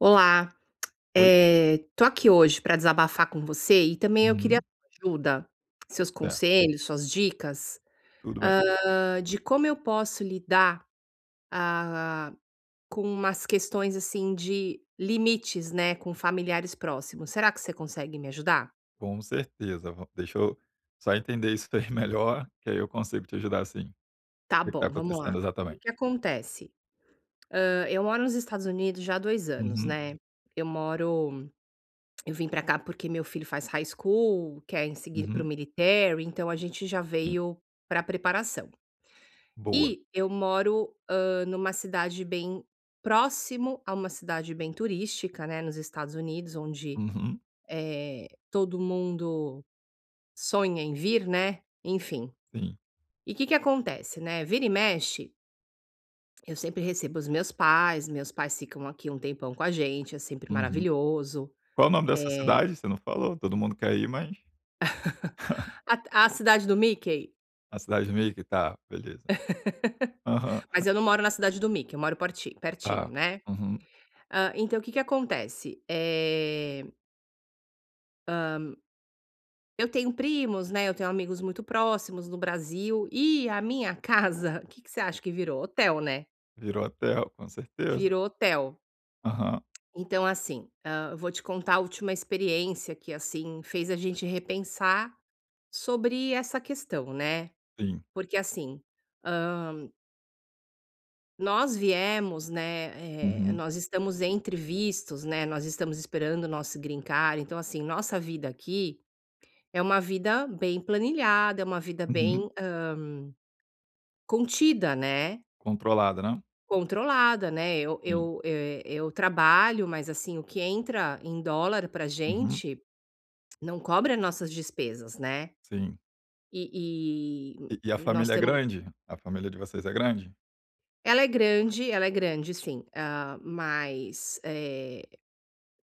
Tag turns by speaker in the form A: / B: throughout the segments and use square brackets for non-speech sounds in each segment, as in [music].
A: Olá.
B: Oi.
A: Eh, tô aqui hoje pra desabafar com você e também eu queria a
B: Uhum.
A: tua ajuda, seus
B: É.
A: conselhos, suas dicas,
B: Tudo bem.
A: hã, de como eu posso lidar, ah, com umas questões, assim, de limites, né, com familiares próximos. Será que você consegue me ajudar?
B: Com certeza, vam deixa eu só entender isso daí melhor, que aí eu consigo te ajudar sim.
A: Tá
B: Que que tá
A: bom, vamos
B: acontecendo
A: lá. O que que
B: exatamente?
A: acontece? Hã, eu moro nos Estados Unidos já há 2 anos,
B: Uhum.
A: né. Eu moro eu vim pra cá, porque meu filho faz high school, quer seguir para o
B: Uhum.
A: military, então a gente já
B: Sim.
A: veio pra preparação.
B: Boa.
A: E eu moro, hã, numa cidade bem próximo a uma cidade bem turística, né, nos Estados Unidos, onde,
B: Uhum.
A: eh, todo mundo sonha em vir, né, enfim.
B: Sim.
A: E o que que acontece, né, vira e mexe eu sempre recebo os meus pais, os meus pais ficam aqui um tempão com a gente, é sempre
B: Uhum.
A: maravilhoso,
B: Qual o nome dessa
A: eh
B: cidade? Você não falou, todo mundo quer ir, mas
A: [chuckles]
B: [chuckles]
A: a t cidade do Mickey.
B: A cidade do Mickey, tá, beleza.
A: [laughs]
B: Aham.
A: Mas
B: [chuckles]
A: eu não moro na cidade do Mickey, eu moro porti pertinho,
B: Tá.
A: né.
B: Uhum.
A: Hã, então o que que acontece? Eh hã, eu tenho primos, né, eu tenho amigos muito próximos no Brasil, e a minha casa, que que você acha que virou? Hotel, né.
B: Virou hotel, com certeza.
A: Virou hotel.
B: Aham.
A: Então, assim, hã, vou te contar a última experiência que, assim, fez a gente repensar sobre essa questão, né.
B: Sim.
A: Porque, assim, hã nós viemos, né, eh,
B: Uhum.
A: nós estamos entre vistos, né, nós estamos esperando o nosso green card, então, assim, nossa vida aqui é uma vida bem planilhada, é uma vida
B: Uhum.
A: bem, hã, contida, né.
B: Controlada, né.
A: Controlada, né. Eu
B: Sim.
A: eu, eh, eu trabalho, mas assim, o que entra em dólar pra
B: Uhum.
A: gente não cobre as nossas despesas, né.
B: Sim.
A: E e
B: E e a
A: e nós
B: família é
A: temo
B: grande? A família de vocês é grande?
A: Ela é grande, ela é grande sim, ah, mas, eh,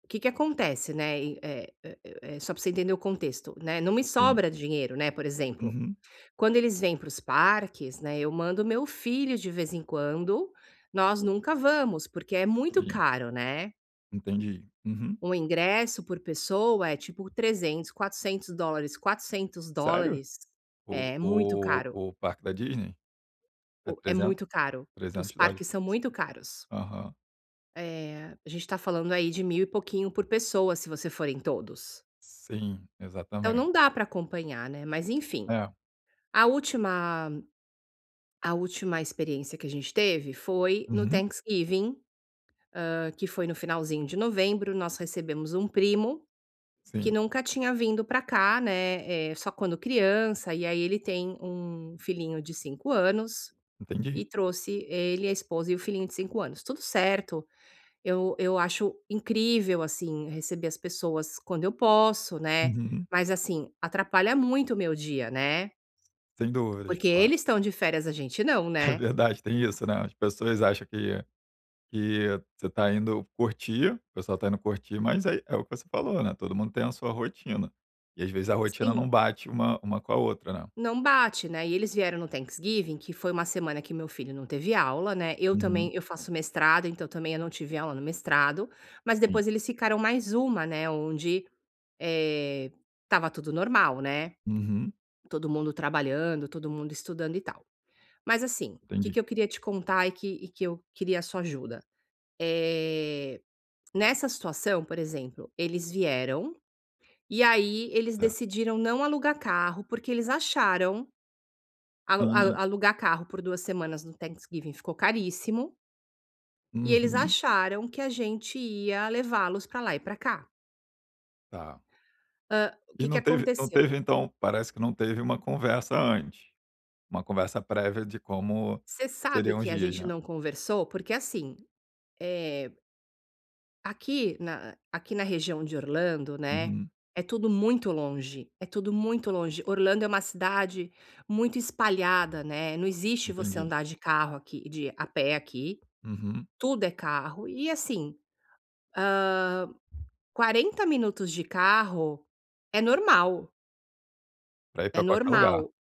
A: o que que acontece, né, eh eh eh eh, só para você entender o contexto, né. Não me
B: Sim.
A: sobra dinheiro, né, por exemplo,
B: Uhum.
A: quando eles vêm para os parques, né, eu mando o meu filho, de vez em quando, nós nunca vamos, porque é muito
B: Sim.
A: caro, né.
B: Entendi, uhum.
A: Um ingresso por pessoa é tipo 300, 400 dólares, 400
B: Sério?
A: dólares
B: O
A: é muito
B: oh,
A: caro.
B: o parque da Disney? É
A: O é
B: 300,
A: muito caro, os
B: 300 dólares
A: parques
B: por
A: são muito
B: pessoa?
A: caros.
B: Aham.
A: Eh, a gente tá falando aí de mil e pouquinho por pessoa, se você for em todos.
B: Sim,
A: Então
B: exatamente.
A: não dá para acompanhar, né, mas enfim,
B: É.
A: a última a última experiência que a gente teve foi no
B: Uhum.
A: Thanksgiving, hã, que foi no finalzinho de novembro, nós recebemos um primo que
B: Sim.
A: nunca tinha vindo pra cá, né, eh, só quando criança, e aí, ele tem um filhinho de 5 anos
B: Entendi.
A: e trouxe ele, a esposa e o filhinho de 5 anos, tudo certo, eu eu acho incrível, assim, receber as pessoas quando eu posso, né.
B: Uhum.
A: Mas, assim, atrapalha muito o meu dia, né?
B: Sem dúvidas,
A: Porque
B: claro.
A: eles estão de férias, a gente não,
B: É
A: né?
B: verdade, tem isso, né, as pessoas acham que que você tá indo curtir, o pessoal tá indo curtir, mas, aí, é o que você falou, né, todo mundo tem a sua rotina e, às vezes, a rotina
A: Sim.
B: não bate uma uma com a outra, né?
A: Não bate, né, e eles vieram no Thanksgiving, que foi uma semana que meu filho não teve aula, né, eu também
B: Uhum.
A: eu faço mestrado, então, também, eu não tive aula no mestrado, mas
B: Sim.
A: depois eles ficaram mais 1, né, onde, eh, estava tudo normal, né?
B: Uhum.
A: Todo mundo trabalhando, todo mundo estudando e tal, mas, assim, o que
B: Entendi.
A: que eu queria te contar e que e que eu queria a sua ajuda, eh, nessa situação, por exemplo, eles vieram, e aí, eles
B: Certo.
A: decidiram não alugar carro porque eles acharam, alu alu
B: Hã.
A: alugar carro por 2 semanas no Thanksgiving ficou caríssimo. E eles
B: Uhum.
A: acharam que a gente ia levá-los pra lá e pra cá.
B: Tá.
A: Hã, o
B: E
A: que que
B: não teve não
A: aconteceu?
B: teve, então parece que não teve uma conversa antes, uma conversa prévia de como
A: Você sabe
B: seriam os
A: que a
B: dias,
A: gente
B: né?
A: não conversou? Porque assim, eh aqui na aqui na região de Orlando, né,
B: Uhum.
A: é tudo muito longe, é tudo muito longe. Orlando é uma cidade, muito espalhada, né, não existe você
B: Entendi.
A: andar de carro aqui de a pé aqui,
B: Uhum.
A: tudo é carro e assim, hã, 40 minutos de carro é normal
B: Pra ir
A: é
B: pra qualquer lugar.
A: normal,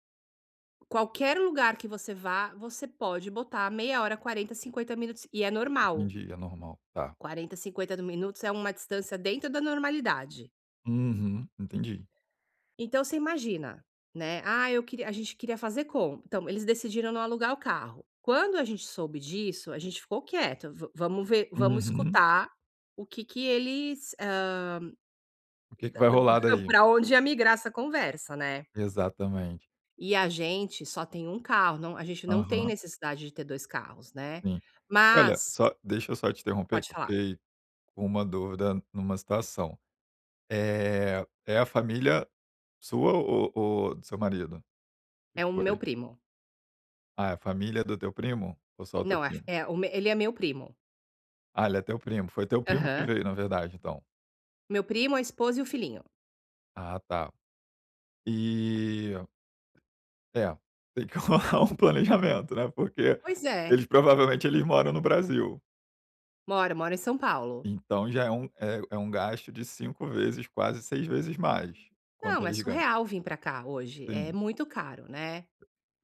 A: qualquer lugar que você vá, você pode botar meia hora, 40, 50 minutos e é normal
B: Entendi, é normal, tá.
A: 40, 50 do minutos é uma distância dentro da normalidade.
B: Uhum, entendi.
A: Então, você imagina, né: "Ah, eu queria a gente queria fazer com" Então, eles decidiram não alugar o carro. Quando a gente soube disso, a gente ficou quieto, vam vamos ver, vamos
B: Uhum.
A: escutar o que que eles, hã,
B: O que que
A: da
B: vai
A: da b
B: rolar,
A: [chuckles]
B: daí.
A: pra onde ia migrar essa conversa, né.
B: Exatamente.
A: E a gente só tem 1 carro, não a gente não tem
B: Aham.
A: necessidade de ter 2 carros, né,
B: Sim. Olha,
A: mas
B: só deixa eu só te interromper,
A: Pode
B: que eu
A: falar.
B: fiquei com uma dúvida numa situação. Eh, é a família sua, ou ou do seu marido que
A: É o meu
B: foi?
A: primo.
B: Ah, é a família do teu primo? Ou só o teu
A: Não, f
B: primo?
A: é o me ele é meu primo.
B: Ah, ele é teu primo? Foi teu primo que
A: Aham.
B: veio na verdade então?
A: Meu primo, a esposa e o filhinho.
B: Ah, tá. E É, tem que rolar um planejamento, né, porque
A: Pois é.
B: eles, provavelmente, eles moram no Brasil.
A: Mora, mora em São Paulo.
B: Então já é um, eh, é um gasto de 5 vezes, quase 6 vezes mais, quanto
A: Não, é
B: eles ganham.
A: surreal vir pra cá hoje. É
B: Sim.
A: muito caro, né.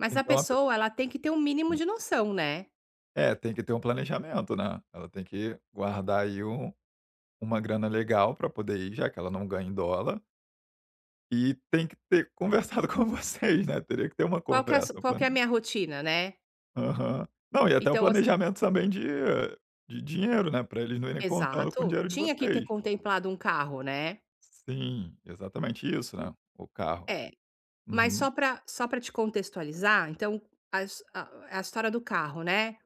A: Mas a
B: Então a pe
A: pessoa, ela tem que ter o mínimo de noção, né.
B: É, tem que ter um planejamento, né. Ela tem que guardar aí um uma grana legal pra poder ir, já que ela não ganha em dólar e tem que ter conversado com vocês, né, teria que ter uma
A: Qual que é a su
B: conversa
A: qual
B: pra
A: que é a
B: mim.
A: minha rotina, né.
B: Aham. Não, e até um
A: Então, as
B: planejamento também de de dinheiro, né, pra eles não irem contando com o
A: Exato.
B: dinheiro de
A: Tinha que ter
B: vocês.
A: contemplado 1 carro, né.
B: Sim, exatamente isso, né, o carro.
A: É, mas
B: Uhum.
A: só pra só pra te contextualizar, então as a a história do carro, né.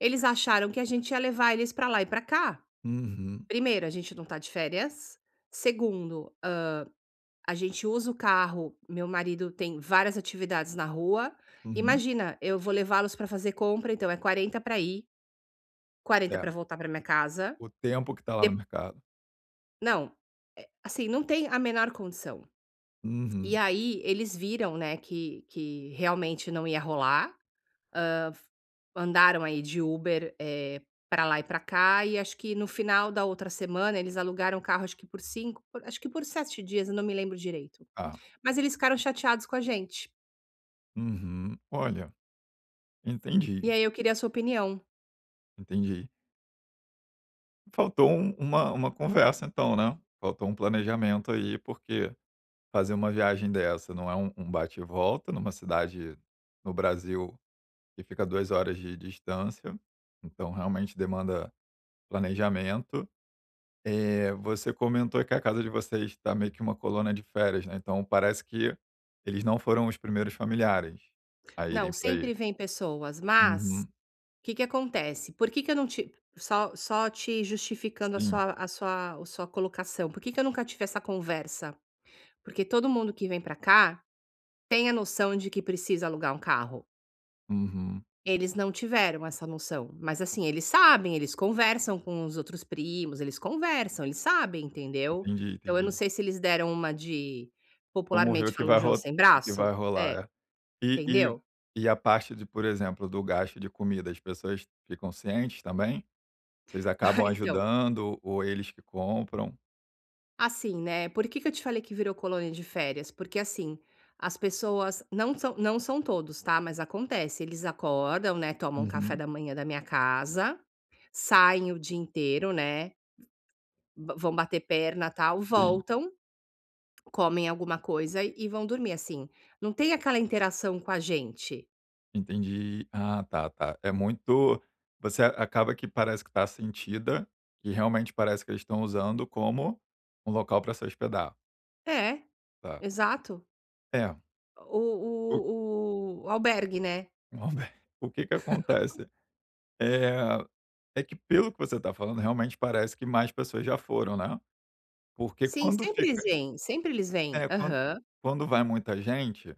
A: Eles acharam que a gente ia levar eles pra lá e pra cá.
B: Uhum.
A: Primeiro, a gente não tá de férias. Segundo, hã, a gente usa o carro meu marido tem várias atividades na rua.
B: Uhum.
A: Imagina, eu vou levá-los pra fazer compra, então é 40 pra ir 40
B: É.
A: pra voltar pra minha casa.
B: O tempo que tá lá
A: De
B: no mercado.
A: Não, eh, assim, não tem a menor condição. E
B: Uhum.
A: aí eles viram, né, que que realmente não ia rolar, hã, andaram aí de Uber, eh, pra lá e pra cá, e acho que no final da outra semana eles alugaram o carro, acho que por cinc acho que por 7 dias, eu não me lembro direito.
B: Tá.
A: Mas eles ficaram chateados com a gente.
B: Uhum. Olha, entendi.
A: E aí eu queria a sua opinião.
B: Entendi. Faltou um uma uma conversa então, né, faltou um planejamento aí, porque fazer uma viagem dessa não é um um bate e volta numa cidade no Brasil que fica há 2 horas de distância, então, realmente, demanda planejamento. Eh, você comentou que a casa de vocês está meio que uma colônia de férias, né, então, parece que eles não foram os primeiros familiares a
A: Não,
B: irem para aí?
A: sempre vêm pessoas, mas
B: Uhum.
A: que que acontece? Por que que eu não ti só só te justificando a
B: Sim.
A: sua a sua o sua colocação. Por que eu nunca tive essa conversa? Porque todo mundo que vem pra cá tem a noção de que precisa alugar um carro
B: Uhum.
A: eles não tiveram essa noção, mas, assim, eles sabem, eles conversam com os outros primos. Eles conversam, eles sabem, entendeu.
B: Entendi,
A: Então, eu não
B: entendi.
A: sei se eles deram uma de,
B: Vamos ver o
A: popularmente
B: que
A: falando,
B: vai
A: "joão
B: ro
A: sem
B: o que vai
A: braço"? É.
B: rolar, é. E e
A: Entendeu?
B: e a parte de, por exemplo, do gasto de comida, as pessoas ficam cientes também? Vocês acabam
A: [chuckles] Então.
B: ajudando ou eles que compram?
A: Assim, né, por que que eu te falei que virou colônia de férias? Porque, assim, as pessoas não são não são todos, tá, mas acontece: eles acordam, né, tomam café
B: Uhum.
A: da manhã da minha casa, saem o dia inteiro, né, vã vão bater perna, tal,
B: Sim.
A: voltam, comem alguma coisa e vão dormir, assim. Não tem aquela interação com a gente.
B: Entendi, ah, tá, tá é muito você acaba que parece que tá sentida e realmente parece que eles estão usando como um local pra se hospedar.
A: É,
B: Tá.
A: exato.
B: É.
A: O o
B: O
A: o o albergue, né?
B: Um alber o que que
A: [laughs]
B: acontece? Eh, é que pelo que você tá falando realmente parece que mais pessoas já foram, né, porque
A: Sim,
B: quando
A: sempre
B: fica
A: vêm, sempre eles vêm,
B: é quan
A: aham.
B: quando vai muita gente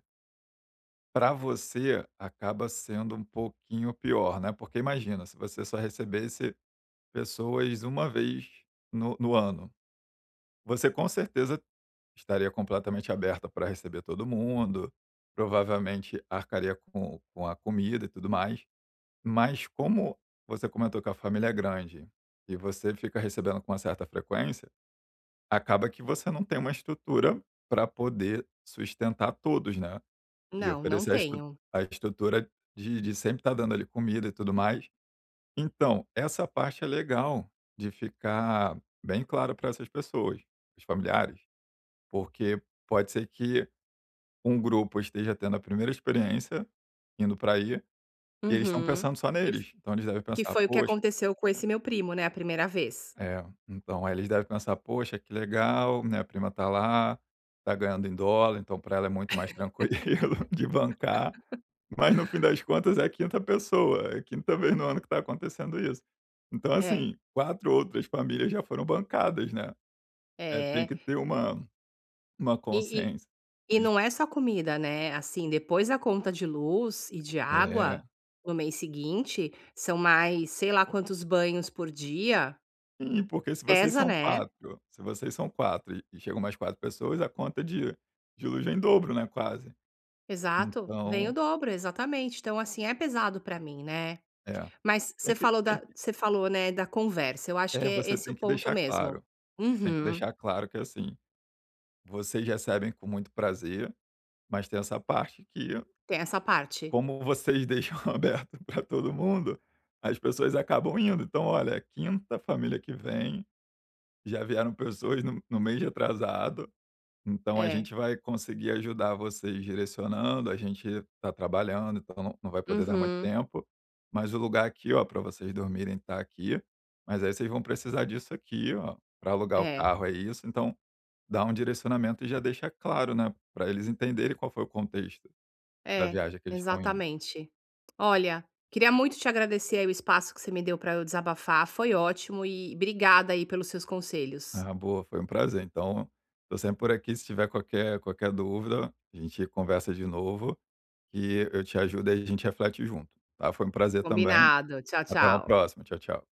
B: pra você acaba sendo um pouquinho pior, né, porque imagina se você só recebesse pessoas uma vez no no ano, você com certeza estaria completamente aberta pra receber todo mundo, provavelmente arcaria com com a comida e tudo mais. Mas, como você comentou que a família é grande e você fica recebendo com uma certa frequência, acaba que você não tem uma estrutura pra poder sustentar todos, né, e
A: Não, não
B: oferecer a estru
A: tenho.
B: a estrutura de de sempre estar dando ali comida e tudo mais. Então, essa parte é legal, de ficar bem claro pra essas pessoas, os familiares, porque pode ser que um grupo esteja tendo a 1ª experiência, indo pra aí, e eles estão
A: Uhum,
B: pensando só
A: que f
B: neles, então eles devem
A: que
B: pensar:
A: foi o que
B: "Poxa".
A: aconteceu com esse meu primo, né, a 1ª vez.
B: É, então, aí eles devem pensar: "Poxa que legal, minha prima tá lá, tá ganhando em dólar, então pra ela é muito mais tranquilo de bancar."
A: [laughs]
B: Mas no fim das contas é a 5ª pessoa, é a 5ª vez no ano que tá acontecendo isso. Então
A: É.
B: assim, 4 outras famílias já foram bancadas, né, é, tem
A: É.
B: que ter uma uma
A: E
B: consciência,
A: e e
B: iss
A: não é só comida, né, assim depois a conta de luz e de
B: É.
A: água no mês seguinte são mais, sei lá, quantos banhos por dia.
B: Sim, porque se vocês
A: Pesa,
B: são
A: né?
B: quatro se vocês são 4, e e chegam mais 4 pessoas, a conta de de luz vem em dobro, né, quase.
A: Exato, vem o
B: Então
A: dobro. Exatamente. Então, assim, é pesado pra mim, né,
B: É,
A: mas
B: tem
A: você
B: que
A: falou
B: tem
A: da
B: que
A: você falou, né, da conversa. Eu acho que
B: É
A: é
B: você
A: esse o
B: tem que
A: ponto
B: deixar
A: mesmo.
B: claro, tem que
A: Uhum.
B: deixar claro que, assim, vocês recebem com muito prazer, mas tem essa parte que
A: Tem essa parte.
B: como vocês deixam aberto pra todo mundo, as pessoas acabam indo, então: "Olha, é a 5ª família que vem, já vieram pessoas no no mês retrasado, então a
A: É.
B: gente vai conseguir ajudar vocês direcionando. A gente tá trabalhando, então não não vai poder dar muito
A: Uhum.
B: tempo, mas o lugar aqui, ó, pra vocês dormirem tá aqui, mas aí vocês vão precisar disso aqui, ó, pra alugar o
A: É.
B: carro é isso.", então, dá um direcionamento e já deixa claro, né, pra eles entenderem qual foi o contexto da
A: É,
B: viagem que eles estão indo.
A: exatamente. Olha, queria muito te agradecer aí o espaço que você me deu pra eu desabafar, foi ótimo e obrigada aí pelos seus conselhos.
B: Ah, boa, foi um prazer, então, tô sempre por aqui. Se tiver qualquer qualquer dúvida, a gente conversa de novo, que eu te ajudo e a gente reflete junto, tá? Foi um prazer também,
A: Combinado, tchau,
B: até uma
A: tchau.
B: próxima, tchau, tchau.